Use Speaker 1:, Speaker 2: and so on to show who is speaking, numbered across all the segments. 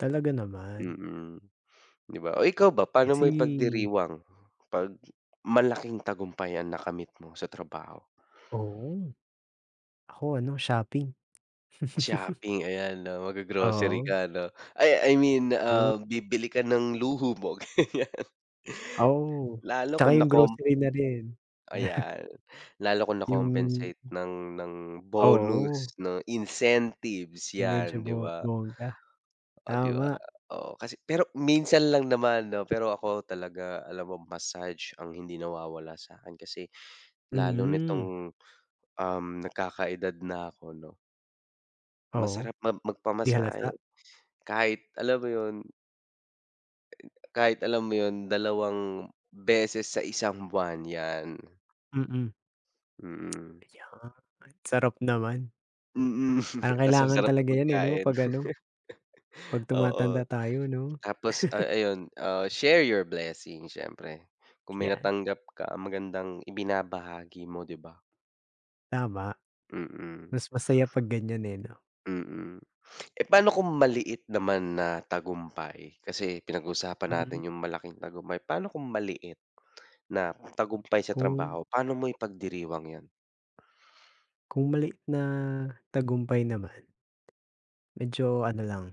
Speaker 1: Talaga naman.
Speaker 2: Mm. 'Di ba? Oh, ikaw ba, paano mo
Speaker 1: Kasi
Speaker 2: ipagdiriwang 'pag malaking tagumpay ang nakamit mo sa trabaho?
Speaker 1: Oo. Ako, ano, shopping.
Speaker 2: Shopping, ayan, 'no, maggo-grocery
Speaker 1: Oo.
Speaker 2: ka, ano? Ay, I mean,
Speaker 1: Oh.
Speaker 2: um, bibili ka ng luho mo, ganiyan.
Speaker 1: Oh,
Speaker 2: Lalo
Speaker 1: tsaka
Speaker 2: kung
Speaker 1: 'yong
Speaker 2: nacom
Speaker 1: grocery na rin.
Speaker 2: Ayan, lalo kung
Speaker 1: 'Yong
Speaker 2: na-compensate ng ng
Speaker 1: Oo.
Speaker 2: bonus, 'no, incentives,
Speaker 1: Medyo
Speaker 2: 'yan, 'di
Speaker 1: bo
Speaker 2: ba?
Speaker 1: bongga.
Speaker 2: Oh, 'di ba,
Speaker 1: Tama.
Speaker 2: oo. Kasi pero minsan lang naman, 'no, pero ako talaga, alam mo, massage ang hindi nawawala sa'kin. Kasi lalo
Speaker 1: Mhm.
Speaker 2: nitong, um, nagkakaedad na ako, 'no
Speaker 1: Oo,
Speaker 2: masarap mam
Speaker 1: 'di
Speaker 2: magpamasahe.
Speaker 1: halata.
Speaker 2: Kahit, alam mo 'yon kahit, alam mo 'yon, dalawang beses sa isang buwan, 'yan.
Speaker 1: Mm.
Speaker 2: Mm.
Speaker 1: 'Yan sarap naman.
Speaker 2: Mm.
Speaker 1: Parang
Speaker 2: 'Tas
Speaker 1: kailangan
Speaker 2: masarap na
Speaker 1: talaga 'yan, eh, 'no?
Speaker 2: pagkain.
Speaker 1: 'Pag, ano, Pag
Speaker 2: Oo,
Speaker 1: tumatanda tayo, 'no.
Speaker 2: tapos, ah, ayun, ah, share your blessings, siyempre, kung may
Speaker 1: Iyan.
Speaker 2: natanggap ka ang magandang ibinabahagi mo, 'di ba?
Speaker 1: Tama.
Speaker 2: Mm.
Speaker 1: Mas masaya 'pag ganiyan, eh, 'no.
Speaker 2: Mm. Eh, paano kung maliit naman na tagumpay? Kasi pinag-usapan
Speaker 1: Mm.
Speaker 2: natin 'yong malaking tagumpay. Pa'no kung maliit na tagumpay sa
Speaker 1: Kung
Speaker 2: trabaho, paano mo ipagdiriwang 'yon?
Speaker 1: Kung maliit na tagumpay naman medyo ano lang,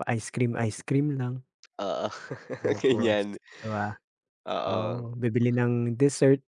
Speaker 1: pa-ice cream, ice cream lang.
Speaker 2: Oo,
Speaker 1: Tapos,
Speaker 2: ganiyan.
Speaker 1: 'ko, ah,
Speaker 2: Oo.
Speaker 1: oo, bibili ng dessert.